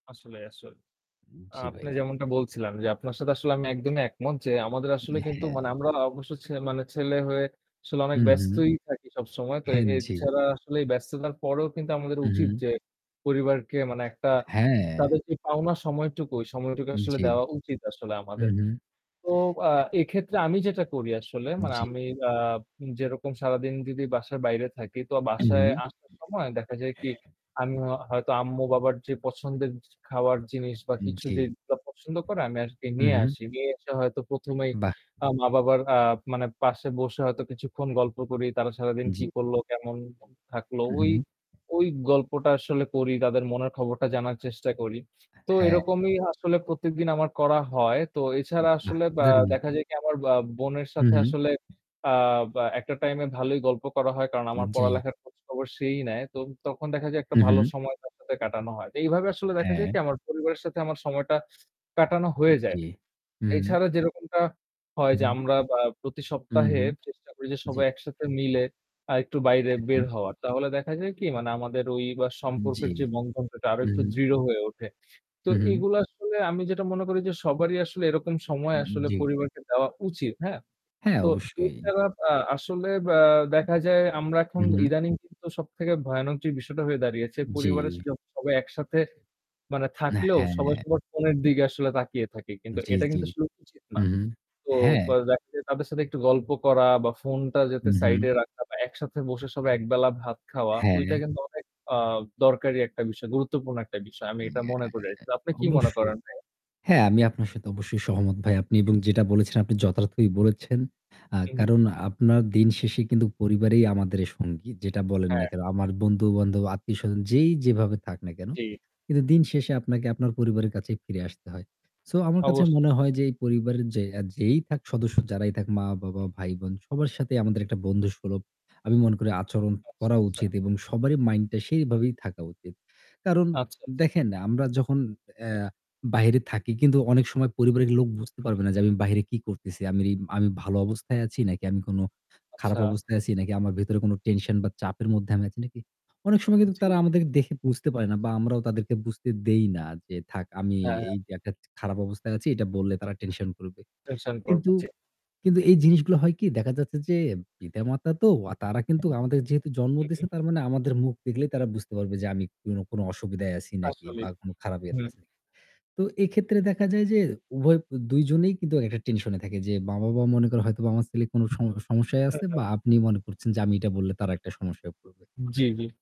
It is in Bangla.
আসলে, আসলে। আ জি, আপনি ভাই। যেমনটা বলছিলাম যে আপনার সাথে আসলে আমি একদমই একমত যে আমাদের আসলে হ্যাঁ, কিন্তু হ্যাঁ। মানে আমরা অবশ্য ছে মানে ছেলে হয়ে আসলে হু, অনেক হু। ব্যস্তই থাকি সবসময়। তো হুম, জি। এছাড়া আসলে ব্যস্ততার পরেও কিন্তু আমাদের হু, উচিত হু। যে পরিবারকে মানে একটা হ্যাঁ। তাদের যে পাওনা সময়টুকু, ওই সময়টুকু আসলে জি, দেওয়া উচিত আসলে হু, আমাদের। হু। তো আ এক্ষেত্রে আমি যেটা করি আসলে মানে জি। আমি আ যেরকম সারাদিন যদি বাসার বাইরে থাকি তো হু, বাসায় হু। আসার সময় দেখা যায় কি আমি হয়তো আম্মু বাবার যে পছন্দের খাওয়ার জিনিস বা কিছু জি, যে পছন্দ করে আমি আজকে হু, নিয়ে হু। আসি। নিয়ে এসে হয়তো প্রথমেই বাহ! আ মা-বাবার আ মানে পাশে বসে হয়তো কিছুক্ষণ গল্প করি। তারা সারাদিন কি জি। করলো কেমন থাকলো। হু, ওই, হু। ওই গল্পটা আসলে করি, তাদের মনের খবরটা জানার চেষ্টা করি। তো হ্যাঁ। এরকমই আসলে প্রত্যেকদিন আমার করা হয়। তো এছাড়া আসলে আ [unintelligible] দেখা যায় কি আ আমার বোনের হু, সাথে হু। আসলে আ বা একটা টাইম এ ভালোই গল্প করা হয় কারণ হু, আমার জি। পড়ালেখার খোঁজখবর সেই নেয়। তো তখন দেখা যায় একটা হু, ভালো হু। সময় তার সাথে কাটানো হয়। তো এইভাবে আসলে দেখা যায় হ্যাঁ। কি আমার পরিবারের সাথে আমার সময়টা কাটানো হয়ে জি, যায়। হু, হু। এছাড়া যেরকমটা হয় হু, যে হু। আমরা আ প্রতি হু, সপ্তাহে হু, চেষ্টা করি যে জি। সবাই একসাথে মিলে আরেকটু বাইরে হ্যাঁ, হ্যাঁ। বের হওয়ার। তাহলে দেখা যায় কি মানে আমাদের ওই বা জি, সম্পর্কের যে বন্ধনটা আরো হু, একটু হু। দৃঢ় হয়ে উঠে। তো হু, হু। এগুলো আসলে আমি যেটা মনে করি যে সবারই আসলে এরকম সময় আসলে জি। পরিবারকে দেওয়া উচিত। হ্যাঁ। হ্যাঁ তো অবশ্যই। এছাড়া আ আসলে আ দেখা যায় আমরা হু, এখন হু। ইদানিং কিন্তু সবথেকে ভয়ানক বিষয়টা হয়ে দাঁড়িয়েছে। পরিবারের জি। সবাই একসাথে মানে হ্যাঁ, থাকলেও হ্যাঁ, সবাই হ্যাঁ। সবার ফোনের দিকে আসলে তাকিয়ে থাকি। কিন্তু জি, এটা জি, কিন্তু আসলে উচিত হু, না। তো হ্যাঁ। দেখা যায় তাদের সাথে একটু গল্প করা বা ফোনটা হু, যাতে সাইড এ হু। রাখা বা একসাথে বসে সব একবেলা ভাত খাওয়া ঐটা হ্যাঁ। কিন্তু অনেক আ দরকারি একটা বিষয়। গুরুত্বপূর্ণ একটা বিষয়। আমি এটা মনে করে আছি। আপনি কি মনে ,অবশ্যই। করেন ভাই? হ্যাঁ আমি আপনার সাথে অবশ্যই সহমত ভাই। আপনি জি, জি। যেটা বলেছেন আপনি যথার্থই বলেছেন। আ হু, হু। কারণ আপনার দিন শেষে কিন্তু পরিবারেই আমাদের সঙ্গী। যেটা বলেন না হ্যাঁ। কেন? আমার বন্ধু বান্ধব, আত্মীয়স্বজন যেই যেভাবে থাক না কেন? জি। কিন্তু দিন শেষে আপনাকে আপনার পরিবারের কাছেই ফিরে আসতে হয়। সো আমার কাছে অবশ্যই। মনে হয় যে এই পরিবারের যে যেই সদস্য যারাই থাক মা-বাবা, হু, হু। ভাই-বোন সবার সাথেই আমাদের একটা বন্ধুসুলভ আমি মনে করি আচরণ আচ্ছা, করা আচ্ছা। উচিত এবং সবারই মাইন্ডটা সেইভাবেই থাকা উচিত। কারণ আচ্ছা, আচ্ছা। দেখেন আমরা যখন অ্যা বাইরে থাকি কিন্তু অনেক সময় পরিবারের লোক বুঝতে পারবে হুম। না যে আমি বাইরে কি করতেছি। আমি, আমি ভালো অবস্থায় আছি নাকি আমি কোন খারাপ আচ্ছা। অবস্থায় আছি নাকি আমার ভেতরে কোন টেনশন বা চাপের মধ্যে আমি আছি নাকি? অনেক সময় কিন্তু জি, তারা জি। আমাদেরকে দেখে বুঝতে পারে না বা আমরাও তাদেরকে বুঝতে দেই না যে থাক আমি হ্যাঁ, হ্যাঁ। এই যে একটা খারাপ অবস্থায় আছি। এটা বললে তারা টেনশন করবে। টেনশন করবো কিন্তু, জি। কিন্তু এই জিনিসগুলো হয় কি দেখা যাচ্ছে যে পিতা-মাতা তো তারা কিন্তু আমাদের যেহেতু জন্ম হু, দিছে হু। তার মানে আমাদের মুখ দেখলেই তারা বুঝতে পারবে যে আমি কোন, কোন অসুবিধায় আছি নাকি বা আসলেই কোন খারাপ হু। ইয়াতে আছি নাকি। তো এক্ষেত্রে দেখা যায় যে উভয় দুইজনেই কিন্তু একটা টেনশন এ থাকে। যে মা-বাবা মনে করে হয়তো বাবার ছেলে কোন সম সমস্যায় হ্যাঁ, আছে হ্যাঁ। বা আপনি মনে করছেন যে আমি এটা বললে তারা একটা সমস্যায় পড়বে। জি, জি।